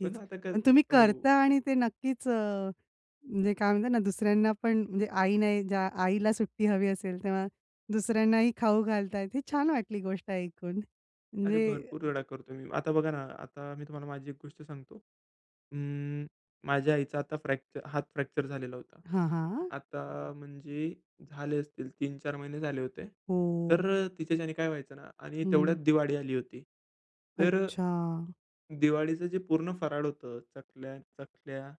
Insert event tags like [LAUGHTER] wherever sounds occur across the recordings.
पण आता क पण तुम्ही हो. करता आणि ते नक्कीच अ, म्हणजे काय म्हणतात ना दुसऱ्यांना पण म्हणजे आई नाही ज्या, आईला सुट्टी हवी असेल, तेव्हा दुसऱ्यांनाही खाऊ घालतायेत. ही छान वाटली गोष्ट ऐकून. अरे, म्हणजे भरपूर वेळा करतो मी. आता बघा ना, आता मी तुम्हाला माझी एक गोष्ट सांगतो. अं, माझ्या आईचा आता फ्रॅक्चर हात फ्रॅक्चर झालेला होता. हां, हां. आता म्हणजे झाले असतील 3-4 महिने झाले होते. तर हो. अ, तिच्याच्याने काय व्हायचं ना आणि तेवढ्यात हं. दिवाळी आली होती. तर अ, अच्छा. दिवाळीचं जे पूर्ण फराळ होतं चकल्या, चखल्या,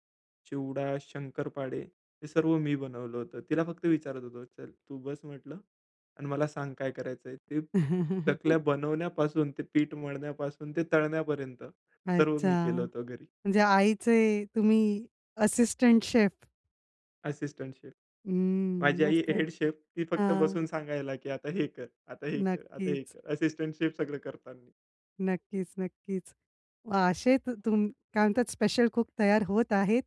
चिवडा, शंकरपाळे हे सर्व मी बनवलं होतं. तिला फक्त विचारत होतो "चल, तू बस म्हटलं आणि मला सांग, काय करायचंय ते." [LAUGHS] चकल्या बनवण्यापासून ते पीठ मळण्यापासून ते तळण्यापर्यंत सर्व मी अच्छा. केलं होतं घरी. म्हणजे आईचे तुम्ही असिस्टंट शेफ. Assistant chef. हं. माझी आई मस्तच. Head chef. ती फक्त हां. बसून सांगायला की आता हे कर, आता हे कर, आता हे नक्कीच. कर. असिस्टंट शेफ सगळं करतात. नक्कीच, नक्कीच. मग असे तु तुम काय म्हणतात? स्पेशल कूक तयार होत आहेत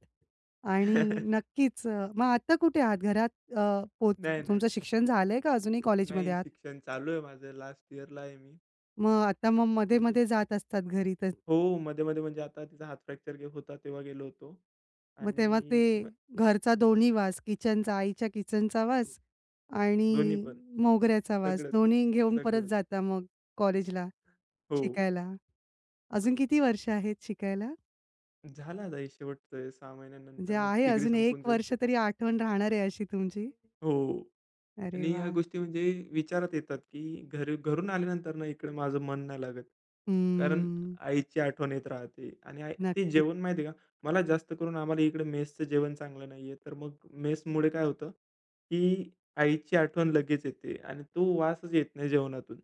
आणि [CHUCKLES] नक्कीच, अ, मग आता कुठे आहात? घरात अ, पोच नाही, नाही. तुमचं शिक्षण झालंय का, अजूनही कॉलेजमध्ये नाही. आहात? शिक्षण चालू आहे माझं. लास्ट इयरला आहे मी. मग आता मग ठीक आहे मध्ये-मध्ये जात असतात घरी तर. हो. मध्ये-मध्ये म्हणजे आता तिचा हाथ फ्रॅक्चर गे होता तेव्हा गेलो होतो. मग तेव्हा ते आणि मग घरचा दोन्ही वास किचनचा, आईच्या किचनचा वास दोन्ही आणि पण. मोगऱ्याचा वास सगळंच, दोन्ही घेऊन परत सगळंच. जाता मग कॉलेजला हो, शिकायला? अजून किती वर्ष आहेत शिकायला? झालं आता हे शेवटचं आहे. 6 म्हणजे महिन्यानंतर मग आहे डिग्री अजून संपून 1 जाईल. वर्ष तरी आठवण राहणार आहे अशी तुमची. हो. अरे आणि ह्या वाह! गोष्टी म्हणजे विचारात येतात की घरी घरून आल्यानंतर ना इकडे माझं मन नाही लागत. कारण हं. आईची आठवण येत राहते. आणि आई ते नक्की. जेवण माहिती आहे का? मला जास्त करून आम्हाला इकडे मेसचं जेवण चांगलं नाहीये. तर मग मेसमुळे काय होतं की आईची आठवण लगेच येते आणि तो वासच येत नाही जेवणातून.